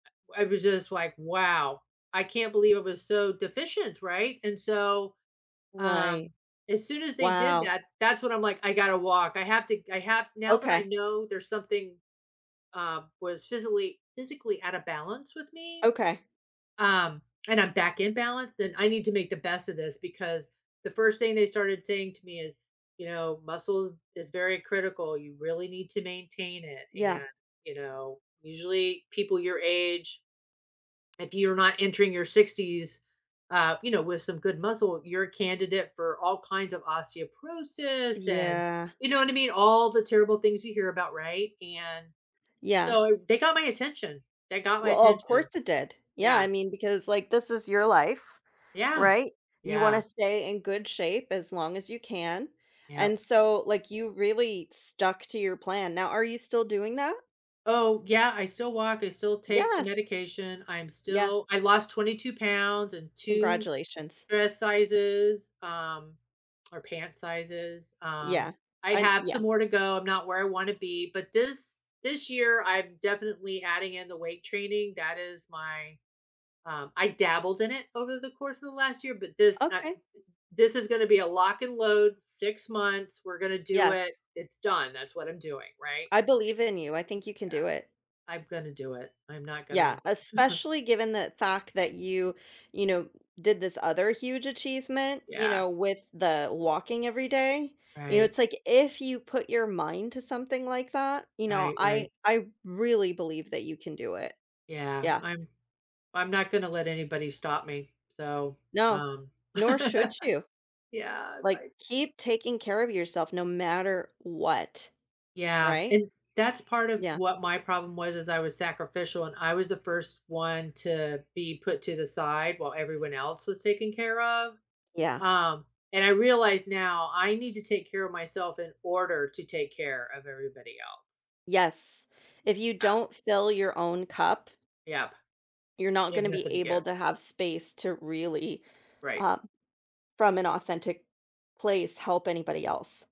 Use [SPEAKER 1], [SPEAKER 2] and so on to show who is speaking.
[SPEAKER 1] W I was just, like, wow, I can't believe it was so deficient, right? And so, um,
[SPEAKER 2] Right.
[SPEAKER 1] as soon as they did
[SPEAKER 2] Wow.
[SPEAKER 1] that, that's when I'm, like, I gotta walk. I have to g I have now that I
[SPEAKER 2] Okay.
[SPEAKER 1] know there's something, um, was physically- physically out of balance with me,
[SPEAKER 2] Okay.
[SPEAKER 1] um, and I'm back in balance, then I need to make the best of this because the first thing they started saying to me is, you know, muscles is very critical. You really need to maintain it.
[SPEAKER 2] Yeah.
[SPEAKER 1] And, you know, usually people your age, if you're not entering your 60s, uh, you know, with some good muscle, you're a candidate for all kinds of osteoporosis. And
[SPEAKER 2] Yeah.
[SPEAKER 1] you know what I mean? All the terrible things you hear about, right? And
[SPEAKER 2] Yeah.
[SPEAKER 1] so, they got my attention. They got my
[SPEAKER 2] Well, of
[SPEAKER 1] attention.
[SPEAKER 2] course it did. Yeah.
[SPEAKER 1] Yeah.
[SPEAKER 2] I mean, because, like, this is your life,
[SPEAKER 1] Yeah.
[SPEAKER 2] right? You wanna
[SPEAKER 1] Yeah.
[SPEAKER 2] stay in good shape as long as you can. And
[SPEAKER 1] Yep.
[SPEAKER 2] so, like, you really stuck to your plan. Now, are you still doing that?
[SPEAKER 1] Oh, yeah. I still walk. I still take the
[SPEAKER 2] Yes.
[SPEAKER 1] medication. I'm
[SPEAKER 2] Yeah.
[SPEAKER 1] still I lost 22 pounds and 2
[SPEAKER 2] Congratulations.
[SPEAKER 1] dress sizes, um, or pant sizes. Um,
[SPEAKER 2] Yeah.
[SPEAKER 1] I
[SPEAKER 2] I n
[SPEAKER 1] have
[SPEAKER 2] Yeah.
[SPEAKER 1] some more to go. I'm not where I wanna be. But this this year, I'm definitely adding in the weight training. That is my, um I dabbled in it over the course of the last year, but this that
[SPEAKER 2] Okay.
[SPEAKER 1] this is gonna be a lock and load 6 months. We're gonna do
[SPEAKER 2] Yes.
[SPEAKER 1] it. It's done. That's what I'm doing, right?
[SPEAKER 2] I
[SPEAKER 1] I'm just d
[SPEAKER 2] believe in you. I think you can do
[SPEAKER 1] yeah.
[SPEAKER 2] it.
[SPEAKER 1] I'm gonna do it. I'm not
[SPEAKER 2] Yeah.
[SPEAKER 1] gonna
[SPEAKER 2] Especially given the fact that you, you know, did this other huge achievement, you
[SPEAKER 1] Yeah.
[SPEAKER 2] know, with the walking every day. You know,
[SPEAKER 1] Right.
[SPEAKER 2] it's, like, if you put your mind to something like that, you know,
[SPEAKER 1] Right,
[SPEAKER 2] I
[SPEAKER 1] right.
[SPEAKER 2] I really believe that you can do it.
[SPEAKER 1] Yeah.
[SPEAKER 2] Yeah.
[SPEAKER 1] I'm I'm not gonna let anybody stop me. So,
[SPEAKER 2] No.
[SPEAKER 1] um,
[SPEAKER 2] Nor should you.
[SPEAKER 1] yeah,
[SPEAKER 2] Like,
[SPEAKER 1] like
[SPEAKER 2] keep taking care of yourself no matter what,
[SPEAKER 1] Yeah.
[SPEAKER 2] right?
[SPEAKER 1] And that's part of
[SPEAKER 2] Yeah.
[SPEAKER 1] what my problem was, as I was sacrificial and I was the first one to be put to the side while everyone else was taken care of.
[SPEAKER 2] Yeah.
[SPEAKER 1] Um, and I realized now I need to take care of myself in order to take care of everybody else.
[SPEAKER 2] Yes. If you
[SPEAKER 1] Yeah.
[SPEAKER 2] don't fill your own cup
[SPEAKER 1] Yep.
[SPEAKER 2] you're not
[SPEAKER 1] You
[SPEAKER 2] gonna
[SPEAKER 1] have
[SPEAKER 2] be
[SPEAKER 1] nothing to
[SPEAKER 2] able
[SPEAKER 1] give.
[SPEAKER 2] to have space to really,
[SPEAKER 1] Right.
[SPEAKER 2] uh, from an authentic place, help anybody else.